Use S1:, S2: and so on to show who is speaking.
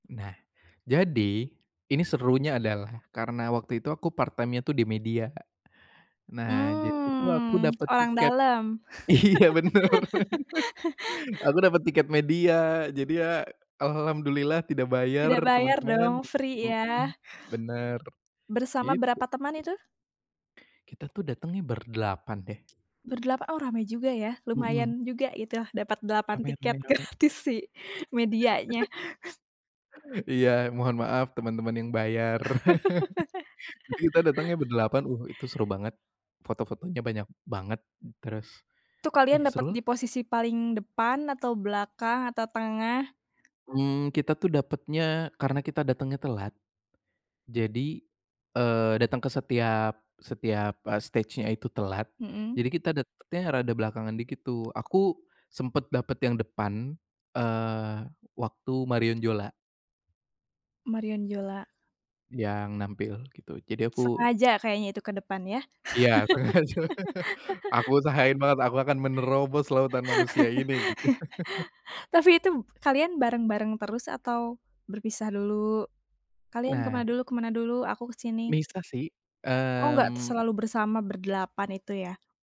S1: Nah, jadi, ini serunya adalah karena waktu itu aku part time-nya tuh di media, Kak. Nah, jadi itu aku
S2: Mmm,
S1: dapat
S2: orang
S1: tiket,
S2: dalam.
S1: iya bener, aku dapat tiket media jadi ya al alhamdulillah tidak bayar
S2: Tidak bayar
S1: temen-temen.
S2: dong, free
S1: Mhm.
S2: ya?
S1: Bener,
S2: Bersama
S1: gitu.
S2: berapa teman itu?
S1: Kita tuh datangnya berdelapan deh.
S2: Berdelapan orang, oh rame juga ya,
S1: Mhm.
S2: lumayan juga itu dapat 8
S1: Rame
S2: tiket
S1: rame rame. [unintelligible]
S2: gratis si medianya.
S1: Lumayan rame. Iya, mohon maaf temen-temen yang bayar. Nanti kita datangnya berdelapan, uh, itu seru banget, foto-fotonya banyak banget, terus,
S2: Itu kalian
S1: ih,
S2: dapet
S1: seru lah.
S2: di posisi paling depan, atau belakang, atau tengah?
S1: Mmm, kita tuh dapatnya karena kita datangnya telat, jadi, eee, datang ke setiap setiap, eee, stage-nya itu telat,
S2: Mhm.
S1: jadi kita dapatnya rada belakangan dikit tuh. Aku, sempat dapat yang depan, eee, waktu Marion Jola
S2: Marion Jola.
S1: yang nampil gitu, Jadi aku
S2: Sengaja kayaknya itu ke depan ya?
S1: Iya, sengaja. Aku usahain banget aku akan menerobos lautan manusia ini, gitu.
S2: Tapi itu kalian bareng-bareng terus, atau, berpisah dulu? "Kalian ke
S1: Nah
S2: mana dulu ke mana dulu? Aku ke sini."
S1: Misah sih,
S2: Oh enggak t
S1: mmm.
S2: selalu bersama berdelapan itu ya?